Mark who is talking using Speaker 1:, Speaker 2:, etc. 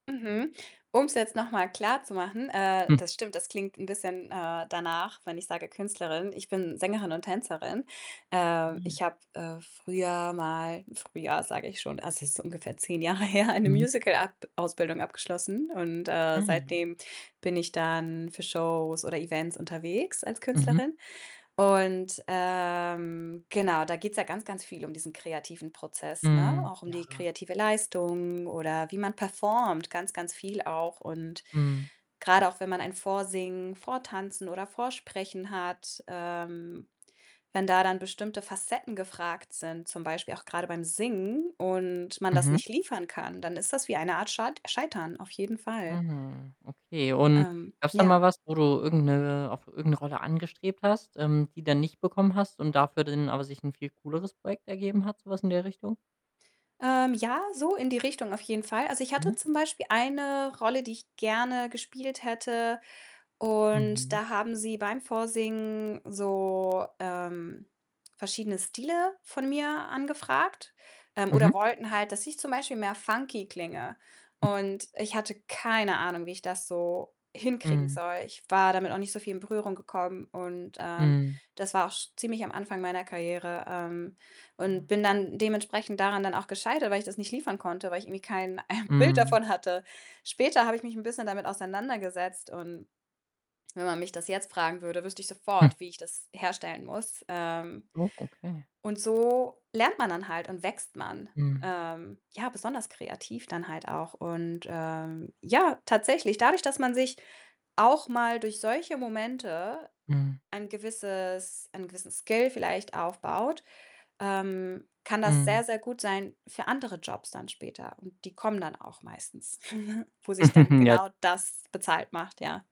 Speaker 1: Mhm. Um's jetzt noch mal klarzumachen, äh, das stimmt, das klingt 'n bisschen, äh, danach, wenn ich sage Künstlerin ich bin Sängerin und Tänzerin. Ähm,
Speaker 2: Ah.
Speaker 1: ich habe, äh, früher mal früher sage ich schon, also das ist ungefähr 10 Jahre her, eine
Speaker 2: Mhm.
Speaker 1: Musical akt Ausbildung abgeschlossen und, äh,
Speaker 2: Hm.
Speaker 1: seitdem bin ich dann für Shows oder Events unterwegs als
Speaker 2: Mhm.
Speaker 1: Künstlerin und, ähm, genau, da geht's ja ganz, ganz viel um diesen kreativen Prozess, ne,
Speaker 2: Hm,
Speaker 1: auch um die
Speaker 2: ja.
Speaker 1: kreative Leistung oder wie man performt, ganz, ganz viel auch und
Speaker 2: Mhm.
Speaker 1: grade auch, wenn man ein Vorsingen, Vortanzen oder Vorsprechen hat, ähm, wenn da dann bestimmte Facetten gefragt sind, zum Beispiel auch grade beim Singen und man das
Speaker 2: Mhm.
Speaker 1: nicht liefern kann, dann ist das wie eine Art schalt Scheitern, auf jeden Fall.
Speaker 2: Mhm. Okay, und
Speaker 1: Ähm,
Speaker 2: gab's dann mal
Speaker 1: ja.
Speaker 2: was, wo du irgend 'ne auf irgend 'ne Rolle angestrebt hast, ähm, die dann nicht bekommen hast und dafür dann aber sich 'n viel cooleres Projekt ergeben hat, sowas in der Richtung?
Speaker 1: Ähm, ja, so in die Richtung auf jeden Fall. Also, ich hatte
Speaker 2: Mhm.
Speaker 1: zum Beispiel eine Rolle, die ich gerne gespielt hätte und
Speaker 2: Mhm.
Speaker 1: da haben sie beim Vorsingen so, ähm, verschiedene Stile von mir angefragt, ähm,
Speaker 2: Mhm.
Speaker 1: oder wollten halt, dass ich zum Beispiel mehr funky klinge und ich hatte keine Ahnung, wie ich das so hinkriegen
Speaker 2: Mhm.
Speaker 1: soll. Ich war damit auch nicht so viel in Berührung gekommen und, ähm,
Speaker 2: Mhm.
Speaker 1: das war auch sch ziemlich am Anfang meiner Karriere. Ähm, und
Speaker 2: Ah.
Speaker 1: bin dann dementsprechend daran dann auch gescheitert, weil ich das nicht liefern konnte, weil ich irgendwie kein, äh, Bild
Speaker 2: Mhm.
Speaker 1: davon hatte. Später habe ich mich 'n bisschen damit auseinandergesetzt und wenn man mich das jetzt fragen würde, wüsste ich sofort, wie ich das herstellen muss. Ähm
Speaker 2: Oh, okay.
Speaker 1: und so lernt man dann halt und wächst man,
Speaker 2: Mhm.
Speaker 1: ähm, ja, besonders kreativ dann halt auch und, ähm, ja, tatsächlich dadurch, dass man sich auch mal durch solche Momente
Speaker 2: Mhm.
Speaker 1: ein gewisses einen gewissen Skill vielleicht aufbaut, ähm, kann das
Speaker 2: Mhm.
Speaker 1: sehr, sehr gut sein für andere Jobs dann später und die kommen dann auch meistens, wo sich dann
Speaker 2: Ja.
Speaker 1: genau das bezahlt macht, ja.